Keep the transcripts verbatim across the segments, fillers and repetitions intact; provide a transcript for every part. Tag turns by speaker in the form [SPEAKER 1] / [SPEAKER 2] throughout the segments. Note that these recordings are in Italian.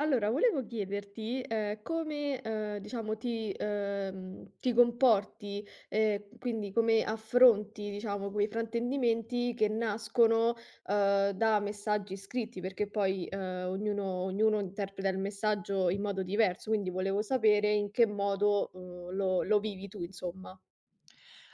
[SPEAKER 1] Allora volevo chiederti, ehm, come, ehm, diciamo, ti ehm, ti comporti, e quindi come affronti, diciamo, quei fraintendimenti che nascono, ehm, da messaggi scritti perché poi, ehm, ognuno ognuno interpreta il messaggio in modo diverso, quindi volevo sapere in che modo, uhm, lo lo vivi tu, insomma.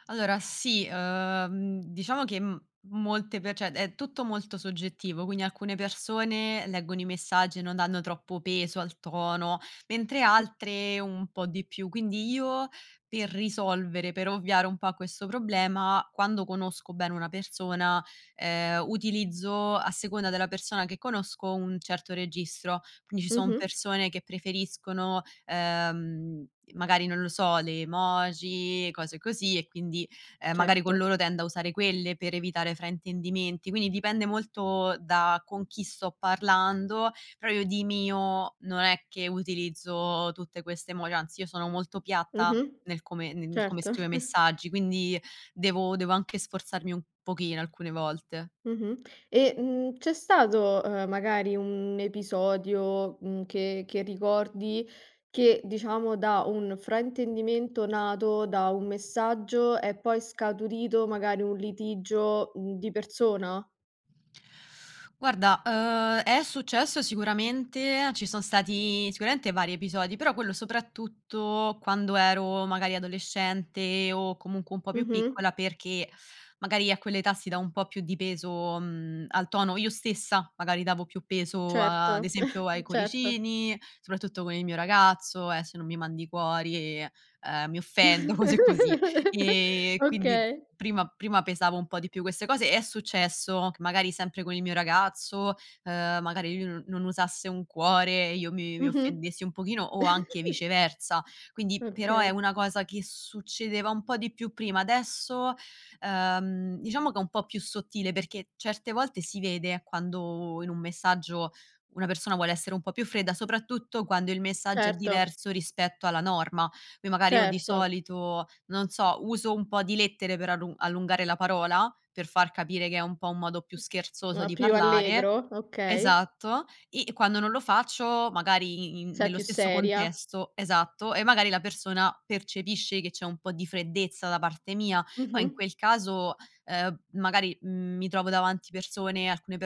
[SPEAKER 2] Allora sì, ehm, diciamo che m molte pe ceh, è tutto molto soggettivo, quindi alcune persone leggono i messaggi e non danno troppo peso al tono, mentre
[SPEAKER 1] Mh.
[SPEAKER 2] altre un po' di più, quindi io per risolvere, per ovviare un po' a questo problema quando conosco bene una persona, ehm, utilizzo, a seconda della persona che conosco, un certo registro. Quindi ci son
[SPEAKER 1] Mh-mh.
[SPEAKER 2] persone che preferiscono, ehm, magari non lo so le emoji, cose così e quindi, ehm, magari con
[SPEAKER 1] Certo.
[SPEAKER 2] loro tendo a usare quelle per evitare fraintendimenti, quindi dipende molto da con chi sto parlando, però io di mio non è che utilizzo tutte queste emoj anzi io sono molto piatta
[SPEAKER 1] Mh-mh.
[SPEAKER 2] nel come ne in come
[SPEAKER 1] Certo.
[SPEAKER 2] scrivo i messaggi quindi devo devo anche sforzarmi un pochino alcune volte.
[SPEAKER 1] Mh-mh. E, mhmm, c'è stato, ehm, magari un episodio, mhmm, che che ricordi che, diciamo, da un fraintendimento nato da un messaggio è poi scaturito magari un litigio, mhmm, di persona?
[SPEAKER 2] Guarda, uhm, è successo sicuramente, ci son stati sicuramente vari episodi, però quello soprattutto quando ero magari adolescente, o comunque un po' più
[SPEAKER 1] Mh-mh.
[SPEAKER 2] piccola, perché magari a quella età si da un po' più di peso, mhmm, al tono io stessa magari davo più peso, ad
[SPEAKER 1] Certo,
[SPEAKER 2] esempio, ai
[SPEAKER 1] certo.
[SPEAKER 2] cuoricini, soprattutto con il mio ragazzo: "Eh se non mi mandi i cuori, ehm, mi offendo." Cose così e quindi
[SPEAKER 1] Okay.
[SPEAKER 2] prima prima pesavo un po' di più queste cose è successo che magari sempre con il mio ragazzo, ehm, magari lui non non usasse un cuore, e io mi mi
[SPEAKER 1] Mh-mh.
[SPEAKER 2] offendessi un pochino o anche viceversa, quindi però è
[SPEAKER 1] Okay.
[SPEAKER 2] una cosa che succedeva un po' di più prima, adesso, ehm, diciamo che è un po' più sottile perché certe volte si vede quando in un messaggio una persona vuole essere un po' più fredda, soprattutto quando il messaggio è
[SPEAKER 1] Certo.
[SPEAKER 2] diverso rispetto alla norma. Noi magari io di
[SPEAKER 1] Certo.
[SPEAKER 2] solito, non so, uso un po' di lettere per allu per allungare la parola, per far capire che è un po' un modo più scherzoso
[SPEAKER 1] Ma
[SPEAKER 2] di
[SPEAKER 1] più
[SPEAKER 2] parlare
[SPEAKER 1] allegro, okay.
[SPEAKER 2] esatto, e e quando non lo faccio, magari i in
[SPEAKER 1] Sei
[SPEAKER 2] nello
[SPEAKER 1] più
[SPEAKER 2] stesso
[SPEAKER 1] seria.
[SPEAKER 2] contesto esatto e magari la persona percepisce che c'è un po' di freddezza da parte mia,
[SPEAKER 1] Mh
[SPEAKER 2] poi in
[SPEAKER 1] mh.
[SPEAKER 2] quel caso, ehm, magari, mhmm, mi trovo davanti persone, alcune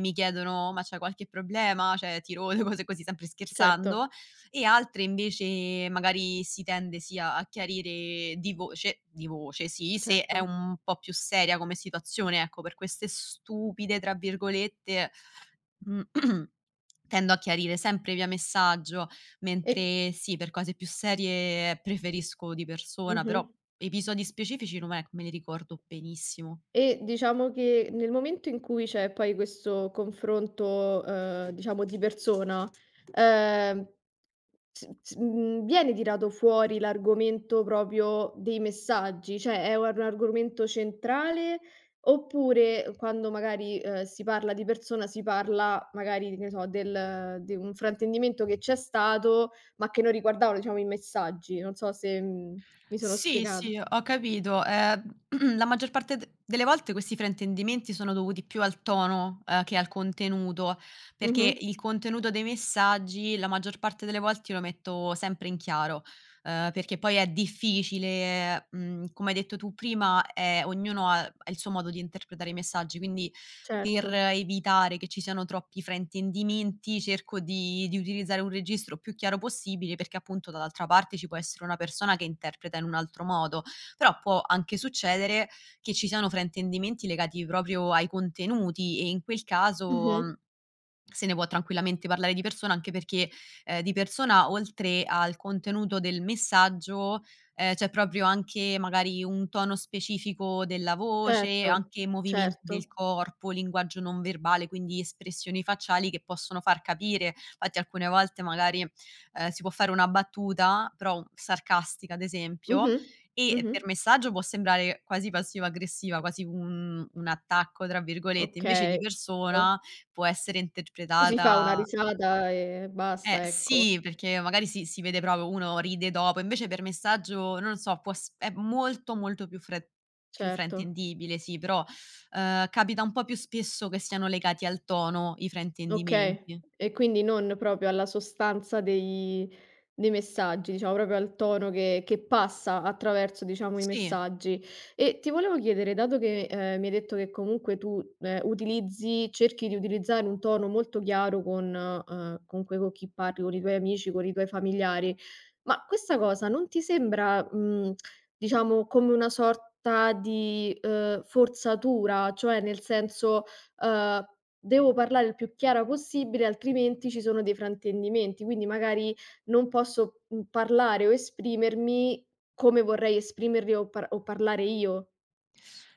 [SPEAKER 2] mi chiedono: "Ma c'è qualche problema? ceh, ti rode?" Cose così, sempre
[SPEAKER 1] Certo.
[SPEAKER 2] scherzando e altre invece, magari si tende sì a a chiarire di voce di voce sì se è
[SPEAKER 1] Certo.
[SPEAKER 2] un po' più seria come situazione ecco, per queste "stupide", tra virgolette, mhmm tendo a chiarire sempre via messaggio,
[SPEAKER 1] E
[SPEAKER 2] mentre sì, per cose più serie preferisco di persona, però
[SPEAKER 1] Mh-mh.
[SPEAKER 2] episodi specifici non è che me li ricordo benissimo.
[SPEAKER 1] E diciamo che, nel momento in cui c'è poi questo confronto, ehm, diciamo di persona, ehm, s s mhmm, viene tirato fuori l'argomento propio dei messaggi? ceh, è un ar un argomento centrale, oppure quando magari, uhm, si parla di persona, si parla magari di ne so, del de un fraintendimento che c'è stato, ma che non riguardavano diciamo i messaggi, non so se, mhmm, mi sono
[SPEAKER 2] Sì,
[SPEAKER 1] spiegata.
[SPEAKER 2] sì, ho capito, ehm, la maggior parte de delle volte questi fraintendimenti sono dovuti più al tono, uhm, che al contenuto, perché
[SPEAKER 1] Mh-mh.
[SPEAKER 2] il contenuto dei messaggi, la maggior parte delle volte io lo metto sempre in chiaro, ehm, perché poi è difficile, mhmm, come hai detto tu prima è ognuno ha ha il suo modo di interpretare i messaggi, quindi per
[SPEAKER 1] Certo.
[SPEAKER 2] evitare che ci siano troppi fraintendimenti cerco di di utilizzare un registro più chiaro possibile, perché appunto dall'altra parte ci può essere una persona che interpreta in un altro modo, però può anche succedere che ci siano fraintendimenti legati proprio ai contenuti e in quel
[SPEAKER 1] Mh mh.
[SPEAKER 2] caso se ne può tranquillamente parlare di persona anche perché, ehm, di persona, oltre al contenuto del messaggio, ehm, c'è proprio anche, magari, un tono specifico della voce,
[SPEAKER 1] Certo,
[SPEAKER 2] anche movimenti del
[SPEAKER 1] certo.
[SPEAKER 2] corpo, linguaggio non verbale, quindi espressioni facciali che possono far capire. Fatti alcune volte magari, ehm, si può fare una battuta, però u sarcastica, ad esempio,
[SPEAKER 1] Mh-mh,
[SPEAKER 2] e per
[SPEAKER 1] mh-mh.
[SPEAKER 2] messaggio può sembrare quasi passivo aggressiva, quasi un un "attacco", tra virgolette, invece di
[SPEAKER 1] Okay
[SPEAKER 2] persona
[SPEAKER 1] [unintelligible]
[SPEAKER 2] può essere
[SPEAKER 1] Ci si fa una
[SPEAKER 2] interpretata
[SPEAKER 1] risata e
[SPEAKER 2] Eh
[SPEAKER 1] basta, ecco.
[SPEAKER 2] sì perché magari si si vede propo uno ride dopo, invece per messaggio, non lo so, può s è molto, molto più fre più
[SPEAKER 1] Certo.
[SPEAKER 2] fraintendibile, sì però, ehm, capita un po' più spesso che siano legati al tono, i
[SPEAKER 1] Okay.
[SPEAKER 2] fraintendimenti.
[SPEAKER 1] E quindi non propio alla sostanza dei dei messaggi, diciamo propio al tono che che passa attraverso, diciamo, i
[SPEAKER 2] Sì.
[SPEAKER 1] messaggi. E ti volevo chiedere dato che, ehm, mi hai detto che comunque tu, ehm, utilizzi cerchi di utilizzare un tono molto chiaro con ehm, comunque co' chi parli, con i tuoi amici, con i tuoi familiari, ma questa cosa non ti sembra, mhmm, diciamo come una sorta di, ehm, forzatura, cioè nel senso, ehm: "Devo parlare il più chiara possibile, altrimenti ci sono dei fraintendimenti, quindi magari non posso, mhmm, parlare o esprimermi come vorrei esprimerli o par o parlare io."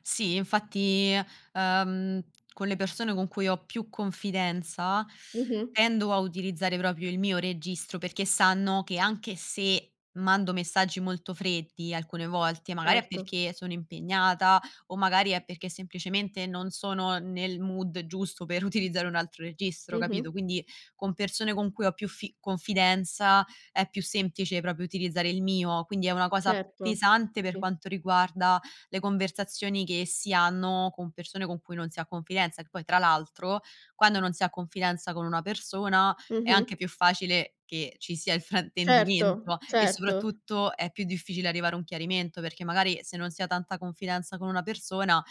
[SPEAKER 2] Sì, infatti, ehm, con le persone con cui ho più confidenza
[SPEAKER 1] Mh-mh.
[SPEAKER 2] tendo a utilizzare propio il mio registro perché sanno che, anche se mando messaggi molto freddi alcune volte, magari è
[SPEAKER 1] Certo.
[SPEAKER 2] perché sono impegnata o magari è perché semplicemente non sono nel mood giusto per utilizzare un altro registro, capito?
[SPEAKER 1] Mh-mh.
[SPEAKER 2] Quindi con persone con cui ho più fi confidenza è più semplice propio utilizzare il mio, quindi è una cosa
[SPEAKER 1] Certo,
[SPEAKER 2] pesante per
[SPEAKER 1] sì.
[SPEAKER 2] quanto riguarda le conversazioni che si hanno con persone con cui non si ha confidenza, che poi tra l'altro, quando non si ha confidenza con una persona è anche
[SPEAKER 1] Mh-mh.
[SPEAKER 2] più facile che ci sia il
[SPEAKER 1] Certo,
[SPEAKER 2] fraintendimento e
[SPEAKER 1] certo.
[SPEAKER 2] soprattutto è più difficile arrivare a un chiarimento, perché magari se non si ha tanta confidenza con una persona,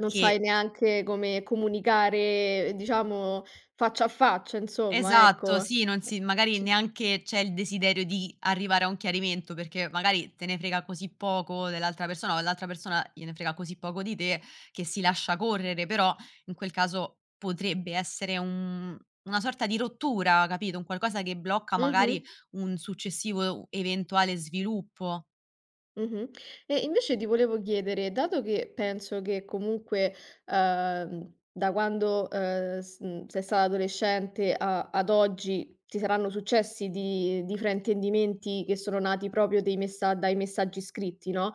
[SPEAKER 1] Non sai neanche come comunicare, ehm, diciamo, faccia a faccia insomma,
[SPEAKER 2] Esatto
[SPEAKER 1] ecco
[SPEAKER 2] sì, non si
[SPEAKER 1] [unintelligible]
[SPEAKER 2] magari
[SPEAKER 1] c
[SPEAKER 2] neanche c'è il desiderio di arrivare a un chiarimento, perché magari te ne frega così poco dell'altra persona o all'altra persona gliene frega così poco di te, che si lascia correre, però in quel caso potrebbe essere un una sorta di rottura, capito? Un qualcosa che blocca magari
[SPEAKER 1] Mh-mh.
[SPEAKER 2] un successivo e u eventuale sviluppo.
[SPEAKER 1] Mh-mh. E invece ti volevo chiedere, dato che penso che comunque, ehm, da quando, ehm, s mhmm, sei stata adolescente a ad oggi, ti saranno successi di di fraintendimenti che sono nati propio dei messa dai messaggi scritti no,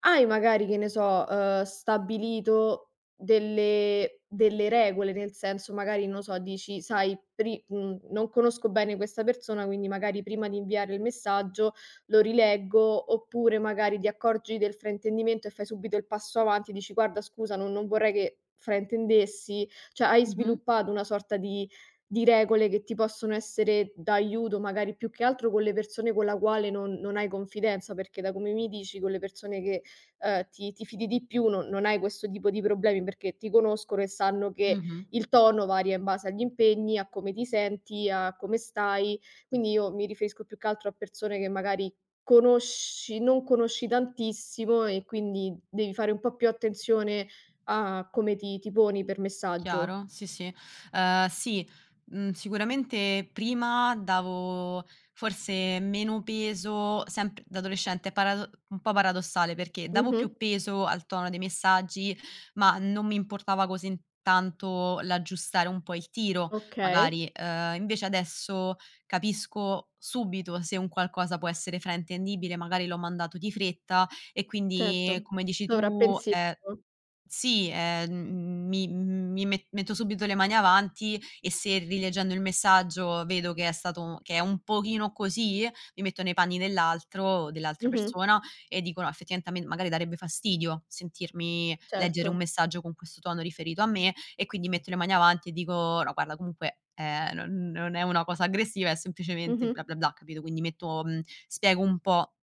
[SPEAKER 1] hai magari, che ne so, ehm, stabilito delle delle regole, nel senso magari non lo so, dici: "Sai pri" mhmm, "non conosco bene questa persona quindi magari prima di inviarle il messaggio, lo rileggo." Oppure magari ti accorgi del fraintendimento e fai subito il passo avanti e dici: "Guarda, scusa non non vorrei che fraintendessi." ceh, hai
[SPEAKER 2] Mh-mh.
[SPEAKER 1] sviluppato una sorta di di regole che ti possono essere d'aiuto, magari più che altro con le persone con la quale non non hai confidenza, perché da come mi dici con le persone che, ehm, ti ti fidi di più non non hai questo tipo di problemi, perché ti conoscono e sanno che
[SPEAKER 2] Mh-mh.
[SPEAKER 1] il tono varia in base agli impegni, a come ti senti, a come stai, quindi io mi riferisco più che altro a persone che magari conosci non conosci tantissimo e quindi devi fare un po' più attenzione a come ti ti poni per messaggio.
[SPEAKER 2] Chiaro. Sì, sì, ehm, sì, mhmm, sicuramente prima davo forse meno peso, sempr da adolescente parado un po' paradossale, perché davo più
[SPEAKER 1] Mh-mh.
[SPEAKER 2] peso al tono dei messaggi ma non mi importava così n tanto l'aggiustare un po' il tiro,
[SPEAKER 1] Okay.
[SPEAKER 2] magari, ehm, invece adesso capisco subito se un qualcosa può essere fraintendibile, magari l'ho mandato di fretta, e quindi,
[SPEAKER 1] Certo,
[SPEAKER 2] come dici tu, è
[SPEAKER 1] sovrappensiero.
[SPEAKER 2] sì, ehm, m mi mi me metto subito le mani avanti e se, rileggendo il messaggio, vedo che è stato che è un pochino così, mi metto nei panni dell'altro dell'altra
[SPEAKER 1] Mh-mh.
[SPEAKER 2] persona e dico: "No, effettivamente a me magari darebbe fastidio sentirmi leggere un
[SPEAKER 1] Certo.
[SPEAKER 2] messaggio con questo tono, riferito a me." E quindi metto le mani avanti e dico: "No guarda comunque, ehm, non non è una cosa aggressiva, è semplicemente bla,
[SPEAKER 1] Mh-mh.
[SPEAKER 2] bla, bla." Capito, quindi metto mhmm, spiego un po'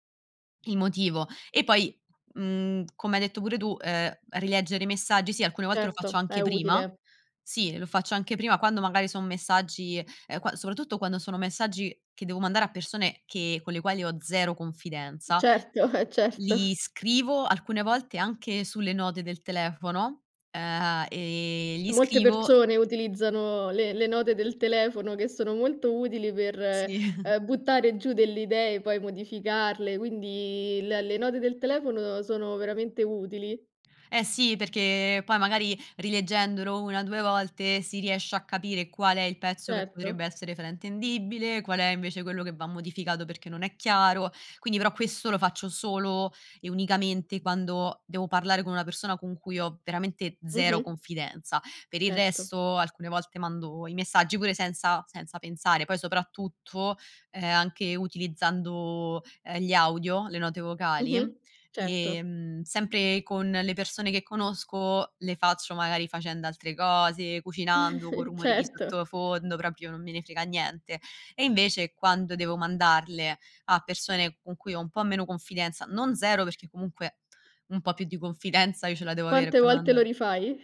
[SPEAKER 2] il motivo e poi, mhmm, come hai detto pure tu, ehm, rileggere i messaggi sì, alcune volte lo faccio
[SPEAKER 1] Certo, è
[SPEAKER 2] anche prima
[SPEAKER 1] utile.
[SPEAKER 2] sì lo faccio anche prima quando magari son messaggi, ehm, qua soprattutto quando sono messaggi che devo mandare a persone che con le quali ho zero confidenza
[SPEAKER 1] Certo, eh,
[SPEAKER 2] li
[SPEAKER 1] certo.
[SPEAKER 2] scrivo alcune volte anche sulle note del telefono, ehm, gli
[SPEAKER 1] Molte
[SPEAKER 2] scrivo
[SPEAKER 1] persone utilizzano le le note del telefono che sono molto utili per,
[SPEAKER 2] Sì.
[SPEAKER 1] ehm, buttare giù delle idee poi modificarle, quindi le le note del telefono sono veramente utili.
[SPEAKER 2] Eh sì, perché poi magari rileggendolo una due volte si riesce a capire qual è il pezzo che potrebbe
[SPEAKER 1] Certo.
[SPEAKER 2] essere fraintendibile, qual è invece quello che va modificato perché non è chiaro, quindi però questo lo faccio solo e unicamente quando devo parlare con una persona con cui ho veramente zero
[SPEAKER 1] Mh-mh.
[SPEAKER 2] confidenza. Per il
[SPEAKER 1] Certo.
[SPEAKER 2] resto, alcune volte mando i messaggi, pure senza senza pensare. Poi soprattutto, ehm, anche utilizzando, ehm, gli audio, le note vocali,
[SPEAKER 1] Mh-mh, certo.
[SPEAKER 2] ehm, sempre con le persone che conosco, le faccio magari facendo altre cose, cucinando, co' rumori di
[SPEAKER 1] Certo.
[SPEAKER 2] sottofondo, proprio non me ne frega niente. E invece quando devo mandarle a persone con cui ho un po' meno confidenza, non zero perché comunque un po' più di confidenza io ce la devo avere
[SPEAKER 1] Quante
[SPEAKER 2] per
[SPEAKER 1] volte lo
[SPEAKER 2] mandare
[SPEAKER 1] rifai?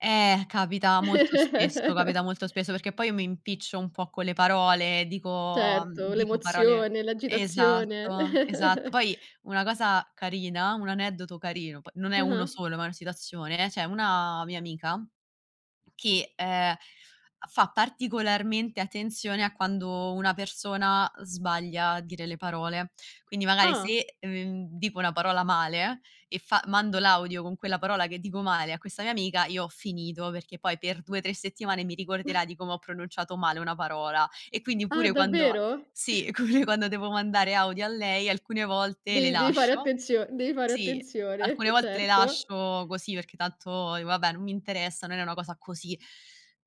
[SPEAKER 2] Eh capita molto spesso, capita molto spesso, perché poi io mi impiccio un po' con le parole, dico mhmm,
[SPEAKER 1] Certo
[SPEAKER 2] dico parole
[SPEAKER 1] l'emozione, l'agitazione.
[SPEAKER 2] esatto, esatto poi una cosa carina, un aneddoto carino poi non è uno
[SPEAKER 1] Ah-ah.
[SPEAKER 2] solo ma è una situazione, c'è una mia amica che, ehm, a fa particolarmente attenzione a quando una persona sbaglia a dire le parole. Quindi, magari
[SPEAKER 1] Ah.
[SPEAKER 2] se, mhmm, dico una parola male e fa mando l'audio con quella parola che dico male a questa mia amica, io ho finito perché poi per due tre settimane mi ricorderà di come ho pronunciato male una parola. E quindi
[SPEAKER 1] Ah,
[SPEAKER 2] pure quando
[SPEAKER 1] davvero?
[SPEAKER 2] sì come quando devo mandare audio a lei, alcune volte le
[SPEAKER 1] Devi devi fare
[SPEAKER 2] lascio
[SPEAKER 1] attenzio devi fare
[SPEAKER 2] sì,
[SPEAKER 1] attenzione,
[SPEAKER 2] alcune volte le
[SPEAKER 1] certo.
[SPEAKER 2] lascio così perché tanto dico: "Vabbè, non mi interessa, non è una cosa così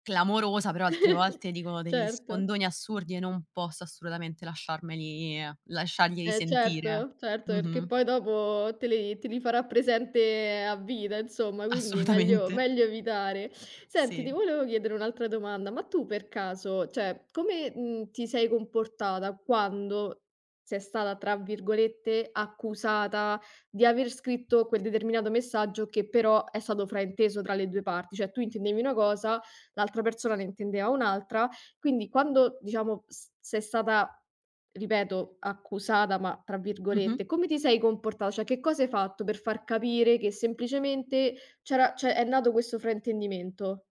[SPEAKER 2] clamorosa." Però altre volte dicono degli
[SPEAKER 1] Certo.
[SPEAKER 2] sfondoni assurdi e non posso assolutamente lasciarmeli lasciarglieli
[SPEAKER 1] Eh
[SPEAKER 2] sentire.
[SPEAKER 1] certo, certo, perché
[SPEAKER 2] Mh-mh.
[SPEAKER 1] poi dopo te li te li farà presente a vita, insomma, quindi meglio
[SPEAKER 2] Assolutamente.
[SPEAKER 1] meglio evitare. Senti, ti
[SPEAKER 2] Sì.
[SPEAKER 1] volevo chiedere un'altra domanda. Ma tu per caso, ceh, come, mhmm, ti sei comportata quando sei stata, tra virgolette, "accusata", di aver scritto quel determinato messaggio che però è stato frainteso tra le due parti, cioè tu intendevi una cosa, l'altra persona ne intendeva un'altra, quindi quando diciamo, s sei stata, ripeto, "accusata", ma tra
[SPEAKER 2] Mh-mh.
[SPEAKER 1] virgolette, come ti sei comportata? Cioè, che cosa hai fatto per far capire che semplicemente c'era ceh, è nato questo fraintendimento.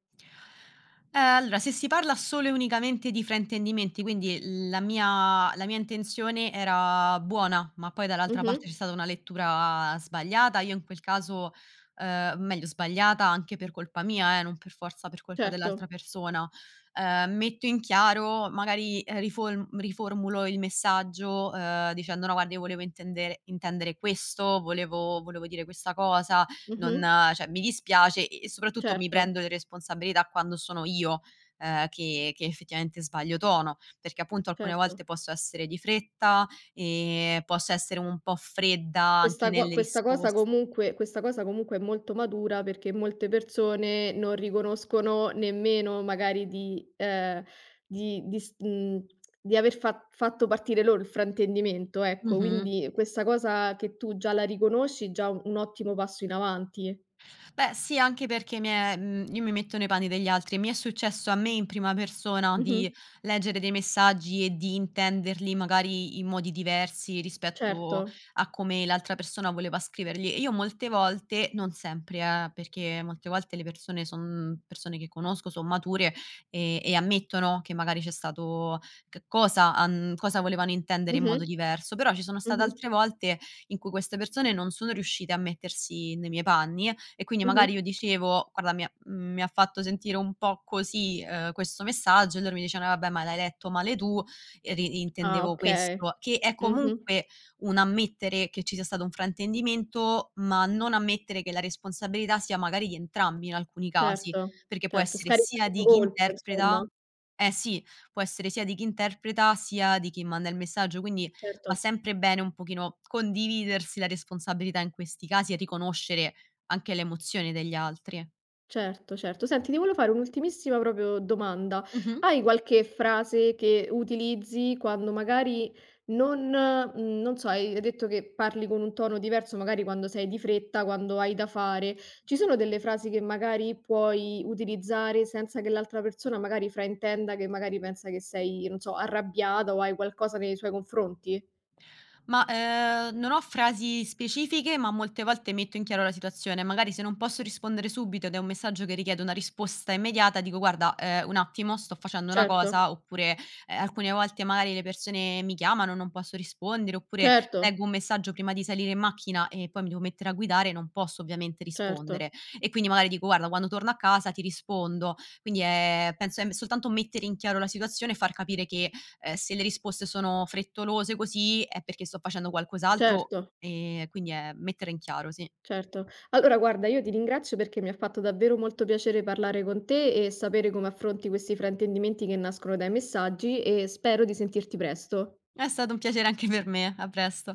[SPEAKER 2] Eh allora, se si parla solo e unicamente di fraintendimenti, quindi la mia la mia intenzione era buona, ma poi dall'altra parte c'è
[SPEAKER 1] Mh-mh.
[SPEAKER 2] stata una lettura sbagliata, io in quel caso, ehm meglio sbagliata anche per colpa mia eh, non per forza per colpa dell'altra
[SPEAKER 1] Certo.
[SPEAKER 2] persona, ehm, metto in chiaro magari, ehm, rifolm riformulo il messaggio, ehm, dicendo: "No guarda io volevo intendere intendere questo, volevo volevo dire questa cosa, non
[SPEAKER 1] Mh-mh.
[SPEAKER 2] ceh, mi dispiace." E e soprattutto mi prendo
[SPEAKER 1] Certo.
[SPEAKER 2] le responsabilità quando sono io, ehm, che che effettivamente sbaglio tono, perché appunto alcune
[SPEAKER 1] Certo.
[SPEAKER 2] volte posso essere di fretta, ehm, posso essere un po' fredda anche
[SPEAKER 1] Questa co
[SPEAKER 2] nelle
[SPEAKER 1] questa cosa
[SPEAKER 2] risposte
[SPEAKER 1] comunque questa cosa comunque è molto matura, perché molte persone non riconoscono nemmeno magari di ehm, di di s mhmm, di aver fa fatto partire loro il fraintendimento,
[SPEAKER 2] Mh
[SPEAKER 1] ecco.
[SPEAKER 2] mh.
[SPEAKER 1] Quindi questa cosa che tu già la riconosci, già u un ottimo passo in avanti.
[SPEAKER 2] Beh sì, anche perché mi è mhmm, io mi metto nei panni degli altri e mi è successo a me in prima persona di
[SPEAKER 1] Mh-mh.
[SPEAKER 2] leggere dei messaggi e di intenderli, magari in modi diversi, rispetto
[SPEAKER 1] Certo.
[SPEAKER 2] a come l'altra persona voleva scriverli e io molte volte, non sempre eh, perché molte volte le persone son persone che conosco, son mature e e ammettono che magari c'è stato c cosa han cosa volevano intendere in
[SPEAKER 1] Mh-mh,
[SPEAKER 2] modo diverso, però ci sono state
[SPEAKER 1] mh-mh.
[SPEAKER 2] altre volte in cui queste persone non sono riuscite a mettersi nei miei panni e quindi
[SPEAKER 1] Mh
[SPEAKER 2] magari
[SPEAKER 1] mh.
[SPEAKER 2] io dicevo: "Guarda mi ha mi ha fatto sentire un po' così questo, ehm, messaggio." E loro mi dicevano: "Eh vabbè, ma l'hai letto male tu, e di
[SPEAKER 1] Ah
[SPEAKER 2] intendevo
[SPEAKER 1] okay.
[SPEAKER 2] questo." Che è
[SPEAKER 1] Mh-mh.
[SPEAKER 2] comunque un ammettere che ci sia stato un fraintendimento, ma non ammettere che la responsabilità sia magari di entrambi in alcuni casi,
[SPEAKER 1] Certo,
[SPEAKER 2] perché può
[SPEAKER 1] certo,
[SPEAKER 2] essere
[SPEAKER 1] scaricare
[SPEAKER 2] sia
[SPEAKER 1] la
[SPEAKER 2] di chi
[SPEAKER 1] colpa, insomma.
[SPEAKER 2] interpreta eh sì, può essere sia di chi interpreta, sia di chi manda il messaggio, quindi va
[SPEAKER 1] Certo.
[SPEAKER 2] sempre bene un pochino condividersi la responsabilità in questi casi e riconoscere anche le emozioni degli altri.
[SPEAKER 1] Certo, certo, senti ti volevo fare un'ultimissima propio domanda:
[SPEAKER 2] Mh mh.
[SPEAKER 1] hai qualche frase che utilizzi quando, magari non mhmm, non so, hai hai detto che parli con un tono diverso, magari quando sei di fretta, quando hai da fare. Ci sono delle frasi che magari puoi utilizzare senza che l'altra persona magari fraintenda, che magari pensa che sei, non so, arrabbiata o hai qualcosa nei suoi confronti?
[SPEAKER 2] Ma, ehm, non ho frasi specifiche ma molte volte metto in chiaro la situazione. Magari se non posso rispondere subito ed è un messaggio che richiede una risposta immediata, dico: "Guarda, ehm, un attimo, sto facendo una
[SPEAKER 1] Certo.
[SPEAKER 2] cosa." Oppure, ehm, alcune volte magari le persone mi chiamano, non posso rispondere, oppure
[SPEAKER 1] Certo.
[SPEAKER 2] leggo un messaggio prima di salire in macchina e poi mi devo mettere a guidare, non posso ovviamente
[SPEAKER 1] Certo.
[SPEAKER 2] rispondere e quindi magari dico: "Guarda, quando torno a casa ti rispondo." Quindi è penso è m soltanto mettere in chiaro la situazione e far capire che, ehm, se le risposte sono frettolose così, è perché sto facendo qualcos'altro,
[SPEAKER 1] Certo.
[SPEAKER 2] ehm, quindi è mettere in chiaro, sì.
[SPEAKER 1] Certo, allora guarda, io ti ringrazio perché mi ha fatto davvero molto piacere parlare con te e sapere come affronti questi fraintendimenti che nascono dai messaggi e spero di sentirti presto.
[SPEAKER 2] È stato un piacere anche per me. A presto.